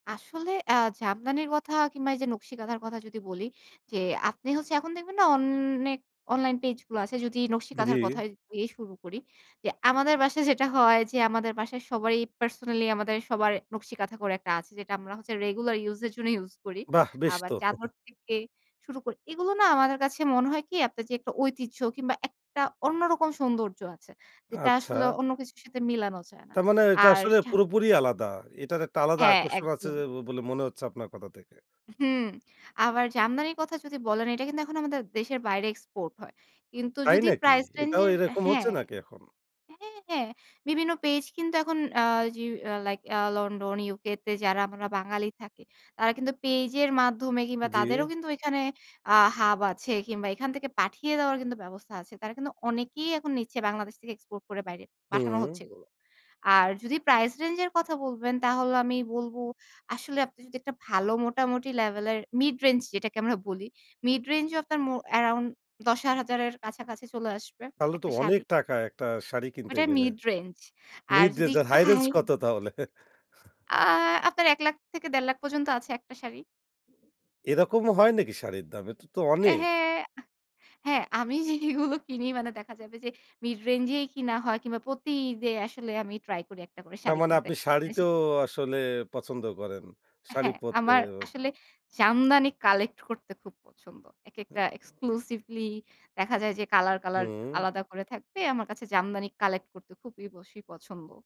আসলে অ্যা জামদানি কথা কিংবা এই যে, নকশি কাঁথার কথা যদি বলি, যে আপনি হচ্ছে এখন দেখবেন না অনেক অনলাইন পেজ গুলা আছে। যদি নকশি কাঁথার জ্বি। কথায় দিয়ে শুরু করি। যে আমাদের বাসায় যেটা হয় যে আমাদের বাসায় সবারই পার্সোনালি আমাদের সবার নকশি কাঁথা করে একটা আছে যেটা আমরা হচ্ছে রেগুলার ইউজ এর জন্য ইউজ করি। বাহ্ বেশ আবার তো! চাদর থেকে শুরু করি। এগুলো না আমাদের কাছে মনে হয় কি আপনার যে একটা ঐতিহ্য কিংবা একটা অন্য রকম সৌন্দর্য আছে। যেটা আসলে আচ্ছা। অন্য কিছুর সাথে মিলানো যায় না। তারমানে এটা আর আসলে চা পুরোপুরি আলাদা। এটার একটা আলাদা হ্যাঁ, আকর্ষণ আছে যে একদম। বলে মনে হচ্ছে আপনার কথা থেকে। হুম, আবার জামদানির কথা যদি বলেন এটা কিন্তু এখন আমাদের দেশের বাইরে এক্সপোর্ট হয়। কিন্তু তাই যদি নাকি? প্রাইস রেঞ্জ এটাও এর এরকম হচ্ছে হ্যাঁ। নাকি এখন? হ্যাঁ, হ্যাঁ, বিভিন্ন পেজ কিন্তু এখন আ জিউ আ লাইক আ লন্ডন, ইউকে তে যারা আমরা বাঙালি থাকি তারা কিন্তু পেজের মাধ্যমে কিংবা জি। তাদেরও কিন্তু এখানে আ হাব আছে কিংবা এখান থেকে পাঠিয়ে দেওয়ার কিন্তু ব্যবস্থা আছে। তারা কিন্তু অনেকেই এখন নিচ্ছে বাংলাদেশ থেকে এক্সপোর্ট করে বাইরে পাঠানো হচ্ছে হুম। এগুলো। আর যদি প্রাইস রেঞ্জ এর কথা বলবেন তাহলে আমি বলব আসলে আপনি যদি একটা ভালো মোটামুটি লেভেলের মিড রেঞ্জ যেটাকে আমরা বলি, মিড রেঞ্জ ও আপনার মো আরাউন্ড 10,000 এর কাছাকাছি চলে আসবে, তাহলে তো একটা অনেক শাড়ি। টাকা একটা শাড়ি কিনতে ওটা গেলে? Mid range. আর মিড যদি রেঞ্জ এর একটু হাই রেঞ্জ হাই কত তাহলে? আ আপনার ৳1,00,000 থেকে ৳1.5 লাখ পর্যন্ত আছে একটা শাড়ি। এরকমও হয় নাকি শাড়ির দাম? এটা তো অ্যা অনেক! হ্যাঁ। হ্যাঁ, আমি জিনিসগুলো কিনি মানে দেখা যাবে যে মিড রেঞ্জ এই কিনা হয় কিংবা প্রতি ঈদে আসলে আমি ট্রাই করি একটা করে তার শাড়ি মানে কিনতে। আপনি এসি শাড়িতোও আসলে পছন্দ করেন। শাড়ি হ্যাঁ, পড়তে। আমার আসলে জামদানি কালেক্ট করতে খুব পছন্দ। একেকটা অ্যা এক্সক্লুসিভলি দেখা যায় যে কালার, কালার হুম। আলাদা করে থাকবে। আমার কাছে জামদানি কালেক্ট করতে খুবই অবশ্যই পছন্দ।